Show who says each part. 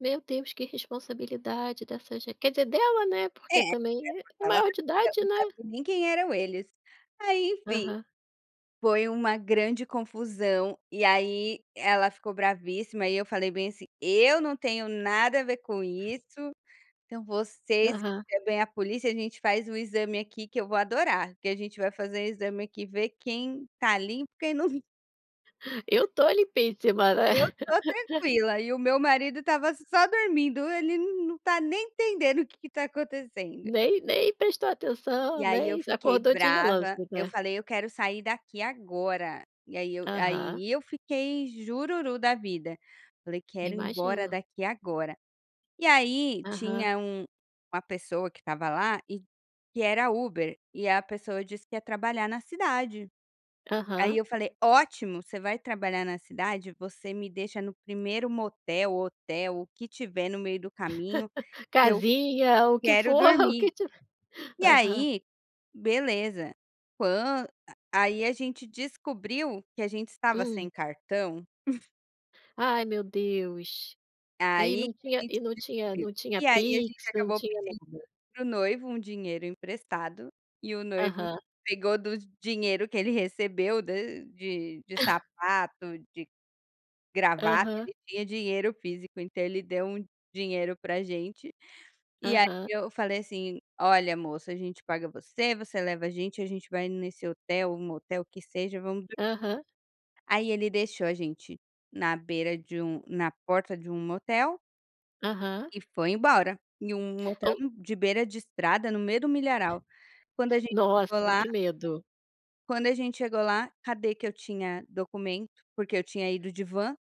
Speaker 1: Meu Deus, que irresponsabilidade dessa gente quer dizer dela, né,
Speaker 2: É,
Speaker 1: porque
Speaker 2: [unintelligible]
Speaker 1: também é- é
Speaker 2: ela
Speaker 1: maior de
Speaker 2: sabia,
Speaker 1: idade,
Speaker 2: não
Speaker 1: né.
Speaker 2: sabia nem quem eram eles, aí, enfim,
Speaker 1: Aham.
Speaker 2: foi uma grande confusão e aí ela ficou bravíssima e eu falei bem assim: "Eu não tenho nada a ver com isso, então vocês
Speaker 1: Aham.
Speaker 2: chamem a polícia, a gente faz um exame aqui, que eu vou adorar, porque a gente vai fazer exame aqui, ver quem tá limpo, quem não"
Speaker 1: "Eu tô limpíssima!", né.
Speaker 2: "eu tô tranquila", e o meu marido estava só dormindo, "Ele n não tá nem entendendo o que que está acontecendo".
Speaker 1: Nem nem prestou
Speaker 2: E
Speaker 1: atenção,
Speaker 2: aí eu
Speaker 1: nens
Speaker 2: fiquei
Speaker 1: acordou de relance,
Speaker 2: brava, eu
Speaker 1: né.
Speaker 2: falei: "Eu quero sair daqui agora!", e aí eu
Speaker 1: Aham.
Speaker 2: aí eu fiquei "jururu da vida", falei: "Quero ir embora
Speaker 1: Imagino.
Speaker 2: daqui agora!". E aí
Speaker 1: Aham.
Speaker 2: tinha um uma pessoa que estava lá e que era Uber, e a pessoa disse que ia trabalhar na cidade, aí
Speaker 1: Aham.
Speaker 2: eu falei: "Ótimo, você vai trabalhar na cidade, você me deixa no primeiro motel ou hotel, o que tiver no meio do caminho, que eu
Speaker 1: Casinha, o que
Speaker 2: quero
Speaker 1: for, o
Speaker 2: dormir.".
Speaker 1: que tive
Speaker 2: E
Speaker 1: aham.
Speaker 2: aí, beleza, quan ah, aí a gente descobriu que a gente estava
Speaker 1: Hum.
Speaker 2: sem cartão
Speaker 1: Ai, meu Deus, e
Speaker 2: aí
Speaker 1: não
Speaker 2: que a
Speaker 1: tinha
Speaker 2: gente
Speaker 1: e não tinha
Speaker 2: descobriu,
Speaker 1: não tinha
Speaker 2: e aí a gente
Speaker 1: PIX, não
Speaker 2: acabou
Speaker 1: tinha
Speaker 2: pedindo
Speaker 1: nada.
Speaker 2: para o noivo um dinheiro emprestado e o noivo
Speaker 1: Aham.
Speaker 2: pegou do dinheiro que ele recebeu do de de sapato, de gravata,
Speaker 1: Aham.
Speaker 2: ele tinha dinheiro físico, então ele deu um dinheiro pra gente, e aí
Speaker 1: Aham.
Speaker 2: eu falei assim: "Olha moça, a gente paga você, você leva a gente, a gente vai nesse hotel, motel que seja, vamos dormir"
Speaker 1: Aham.
Speaker 2: aí ele deixou a gente na beira de um na porta de um motel
Speaker 1: Aham.
Speaker 2: e foi embora, em um motel,
Speaker 1: Ou
Speaker 2: hum, de beira de estrada no meio do milharal. Quando a gente chegou
Speaker 1: Nossa,
Speaker 2: lá
Speaker 1: que medo.
Speaker 2: quando a gente chegou lá, cadê que eu tinha documento, porque eu tinha ido de van